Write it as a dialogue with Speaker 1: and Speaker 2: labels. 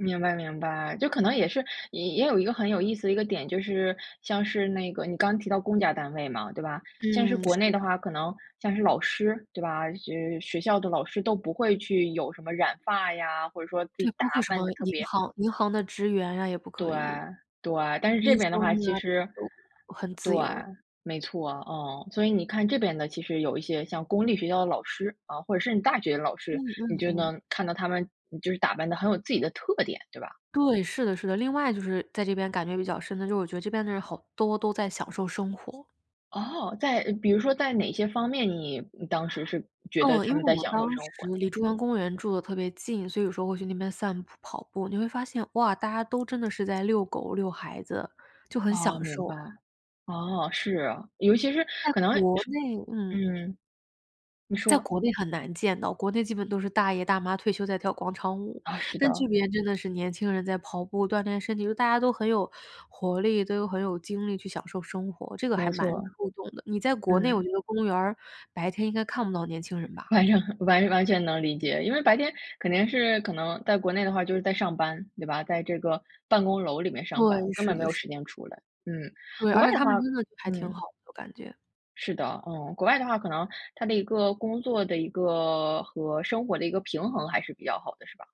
Speaker 1: 明白明白，就可能也是也有一个很有意思的一个点，就是像是那个你刚刚提到公家单位嘛，对吧？像是
Speaker 2: 嗯，是
Speaker 1: 国内的
Speaker 2: 的。
Speaker 1: 话，可能，像是老师对吧？就是学校的老师都不会去有什么染发呀，或者说自己
Speaker 2: 对，
Speaker 1: 打
Speaker 2: 包括什么
Speaker 1: 扮的特
Speaker 2: 银
Speaker 1: 别
Speaker 2: 行银行的职员呀也不可
Speaker 1: 对
Speaker 2: 以。
Speaker 1: 对，但是这
Speaker 2: 医
Speaker 1: 边的
Speaker 2: 生
Speaker 1: 话其
Speaker 2: 啊这些
Speaker 1: 实
Speaker 2: 都 [unintelligible] 很
Speaker 1: 对，
Speaker 2: 自由。
Speaker 1: 没错，嗯，所以你看这边的，其实有一些像公立学校的老师，啊，或者是你大学老
Speaker 2: 嗯
Speaker 1: 师，你
Speaker 2: 嗯
Speaker 1: 就
Speaker 2: 嗯。
Speaker 1: 能看到他们就是打扮的很有自己的特点，对吧？
Speaker 2: 对，是的是的。另外就是在这边感觉比较深的就是我觉得这边的人好多都在享受生活。
Speaker 1: 哦，在比如说在哪些方面，你当时是觉得
Speaker 2: 嗯，因
Speaker 1: 他
Speaker 2: 为
Speaker 1: 们在
Speaker 2: 我
Speaker 1: 享
Speaker 2: 当
Speaker 1: 受生
Speaker 2: 时
Speaker 1: 活呢？
Speaker 2: 离中央公园住的特别近，所以说会时候会去那边散步、跑步。你会发现，哇，大家都真的是在遛狗、遛孩子，就很享
Speaker 1: 噢，明
Speaker 2: 受。
Speaker 1: 白。噢，是，尤其是
Speaker 2: 在
Speaker 1: 可能
Speaker 2: 国内嗯。
Speaker 1: 嗯。你
Speaker 2: 在
Speaker 1: 说。
Speaker 2: 国内很难见到，国内基本都是大爷大妈退休在跳广场舞。
Speaker 1: 啊，是
Speaker 2: 但这
Speaker 1: 的。
Speaker 2: 边真的是年轻人在跑步、锻炼身体，大家都很有活力，都很有精力去享受生活，这个还
Speaker 1: 没
Speaker 2: 蛮
Speaker 1: 错。
Speaker 2: 触动的。你在国内，我
Speaker 1: 嗯。
Speaker 2: 觉得公园儿白天应该看不到年轻人吧。
Speaker 1: 反正完完全能理解，因为白天肯定是可能在国内的话就是在上班，对吧？在这个办公楼里面
Speaker 2: 对，
Speaker 1: 上班，根
Speaker 2: 是
Speaker 1: 本没
Speaker 2: 的
Speaker 1: 有
Speaker 2: 是的。
Speaker 1: 时间出来。嗯。
Speaker 2: 对，
Speaker 1: 国
Speaker 2: 而
Speaker 1: 外
Speaker 2: 且
Speaker 1: 的
Speaker 2: 他们
Speaker 1: 话
Speaker 2: 真的还挺
Speaker 1: 嗯。
Speaker 2: 好的我感觉。
Speaker 1: 是的，嗯，国外的话可能它的一个工作的一个和生活的一个平衡还是比较好的，是吧？